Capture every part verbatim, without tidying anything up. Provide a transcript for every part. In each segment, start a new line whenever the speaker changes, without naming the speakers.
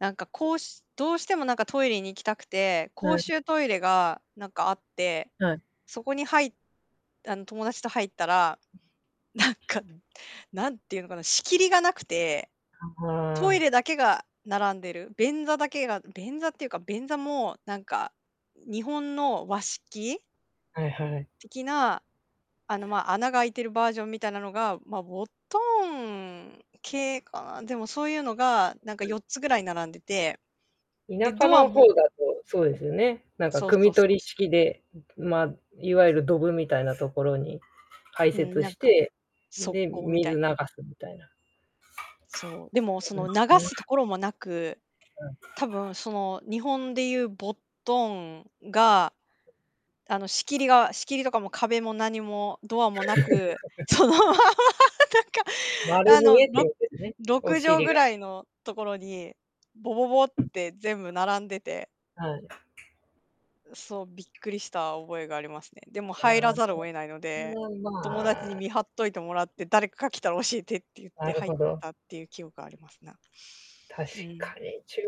なんかこう しどうしてもなんかトイレに行きたくて、
な
公
ん
衆トイレが、なんか、あって、
はい。
そこに入っあの、友達と入ったら、なんかぬ、何て言うのかな、仕切りが無くて。トイレだ けが並んでる、便座だけが便座っていうか便座もなんか、日本の和式
はいはい。
的な、あの、ま、穴が開いてるバージョンみたいなのが、ま、ボットン系かな。でもそういうのが、なんか
はい。
よっつぐらい並んでて。で、
田舎
ドア
の方
も
だとそうですよね、なんか
そう
汲
そ
み
うそ
取
う
り
そう。
式で、うん、ぷま、いわゆるドブみたいなところに開
うん、
設
なん
し
か、
て、
側
で、
溝みた
水
い
流
な。
すみたいな。
そう、でもその流
そうで
す
す
と
ね。
ころもなく、
うん。
多分その、日本で言うボットンが、あの、仕切りが仕切りとかも壁も何もドアもなく、そのままなんか、
丸
あ
見
の、
えって
ろ
ことですね？
ろ
お
くじょう
尻
ぐ
が。
らいのところに、ボボボって全部 並んでて
はい。
うそう、びっくりした覚えがありますね。でも
あ
入ら
あ、
ざるを得ないので、
ま
友達に
あ。
見張っといてもらって、誰かが来たら教えてって言っ
な
て
る
入
ほ
っ
ど。
たっていう記憶がありますな。
確
うん。
かに、中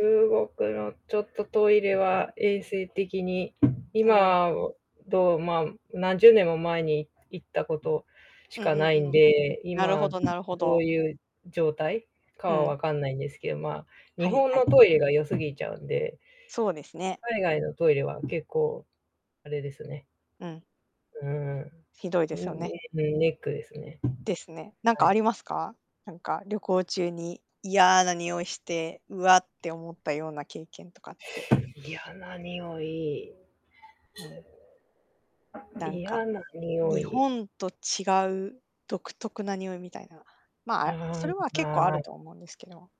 国のちょっとトイレ
ああ。
は衛生的に、
うん。
今をどうま、何十年も前にい行ったことし
うん
か
う
ない
ん
ん
うん。
で、
なる
今
ほどなるほ
どう
ど。
いう状態か
う
は
ん。
わかんないんですけど、ま、日
はい
本
はい。
のトイレが良すぎちゃうんで
そうですね。
海外のトイレは結構あれですね。
うん。
うん。
ひどい
う
ですよ
ん、
ね。
ねうん、ネックですね。
ですね。なん
は
かあ
い。
りますか？なんか、旅行中に、嫌な臭いして、うわって思ったような経験とかって。
やな臭い。
うん。だん
嫌
か、
な臭
日
い。
本と違う独特な臭いみたいな。ま、あ、そ
はー
れ
い、
は結
は
構あ
ー
る
い。
と思うんですけど。